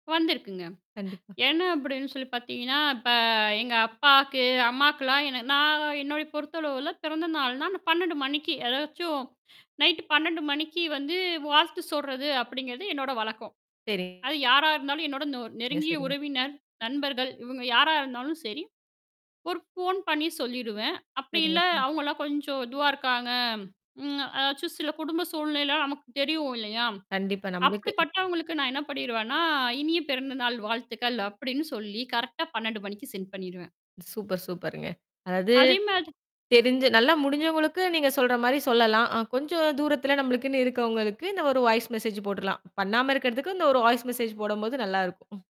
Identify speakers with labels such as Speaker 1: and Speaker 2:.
Speaker 1: வந்திருக்குங்க.
Speaker 2: கண்டிப்பா.
Speaker 1: என்ன அப்படின்னு சொல்லி பார்த்தீங்கன்னா, இப்ப எங்க அப்பாவுக்கு, அம்மாக்குலாம் என்ன நான் என்னுடைய பொறுத்த அளவில பிறந்தநாள்னா நான் 12:00 மணிக்கு அதாச்சும், நைட்டு 12:00 மணிக்கு வந்து வாழ்த்து சொல்றது அப்படிங்கிறது என்னோட வழக்கம். அது
Speaker 2: சரிங்க.
Speaker 1: யாரா இருந்தாலும், என்னோட நொ நெருங்கிய
Speaker 2: சரிங்க.
Speaker 1: உறவினர், நண்பர்கள் இவங்க யாரா இருந்தாலும் சரி. ஒரு ஃபோன் பண்ணி சொல்லிடுவேன். அப்படி
Speaker 2: சரிங்க.
Speaker 1: இல்ல,
Speaker 2: சரி.
Speaker 1: அவங்களலாம் கொஞ்சம் இதுவா இருக்காங்க, ம், அதாச்சும் சில குடும்ப சூழ்நிலை நமக்கு தெரியும் இல்லையா?
Speaker 2: கண்டிப்பா. நம்பளுக்கு
Speaker 1: அப்படிப்பட்டவங்களுக்கு நான் என்ன பண்ணிடுவேன்னா, "இனிய பிறந்தநாள் வாழ்த்துக்கள்" அப்படின்னு சொல்லி கரெக்ட்டா 12:00 மணிக்கு சென்ட் பண்ணிடுவேன்.
Speaker 2: சூப்பர், சூப்பருங்க. அதாவது,
Speaker 1: அதே மாதி
Speaker 2: தெரிஞ்சு நல்லா முடிஞ்சவங்களுக்கு நீங்க சொல்ற மாதிரி சொல்லலாம். அ கொஞ்சம் தூரத்தில நம்மளுக்குன்னு இருக்கிறவங்களுக்கு இந்த ஒரு வாய்ஸ் மெசேஜ் போட்டுடலாம். பண்ணாம இருக்கிறதுக்கு, இந்த ஒரு வாய்ஸ் மெசேஜ் போடும்போது நல்லாயிருக்கும். ம்.